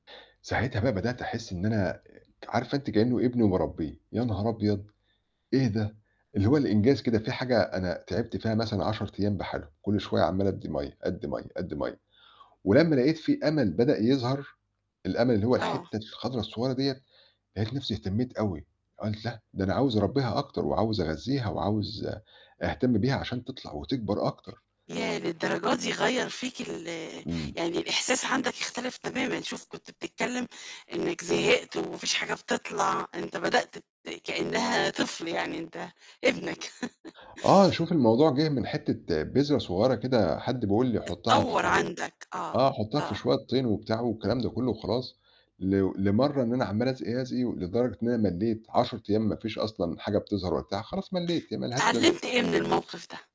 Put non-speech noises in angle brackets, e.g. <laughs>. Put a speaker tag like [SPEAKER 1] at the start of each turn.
[SPEAKER 1] ساعتها بقى بدأت أحس إن أنا آآ ك عارفة أنتِ كإنه ابني وباربيه، يا نهار أبيض! إيه ده؟ اللي هو الإنجاز كده في حاجة أنا تعبت فيها مثلًا 10 أيام بحالهم، كُل شوية عمّال أدي مَيَّة، أدي مَيَّة، أدي مَيَّة ولمّا لقيت في أمل بدأ يظهر، الأمل اللي هو
[SPEAKER 2] آه.
[SPEAKER 1] الحِتة الخضرة الصغيرة دِيّة، لقيت نفسي اهتميت أوي قُلت لأ ده أنا عاوز أربيها أكتر وعاوز أغذيها وعاوز أهتم بيها عشان تطلع وتكبر أكتر.
[SPEAKER 2] ياه! للدرجة دي غيّر فيك ال
[SPEAKER 1] امم.
[SPEAKER 2] يعني الإحساس عندك اختلف تمامًا، شوف كنت بتتكلم إنك زهقت وما فيش حاجة بتطلع، أنت بدأت ت كإنها طفل يعني أنت ابنك.
[SPEAKER 1] آه،
[SPEAKER 2] <laughs>
[SPEAKER 1] شوفي الموضوع جِه من حِتة بذرة صغيرة كده حد بيقول لي حُطها
[SPEAKER 2] تتطور
[SPEAKER 1] في
[SPEAKER 2] عندك، آه،
[SPEAKER 1] آه حُطها في
[SPEAKER 2] آه.
[SPEAKER 1] شوية طين وبتاع والكلام ده كلّه وخلاص، ل لمرّة إن أنا عمّال أسقي، أسقي، لدرجة إن أنا ملّيت، 10 أيام ما فيش أصلًا حاجة بتظهر وقتها خلاص ملّيت، هي ما لهاش لازمة.
[SPEAKER 2] اتعلمت إيه من الموقِف ده؟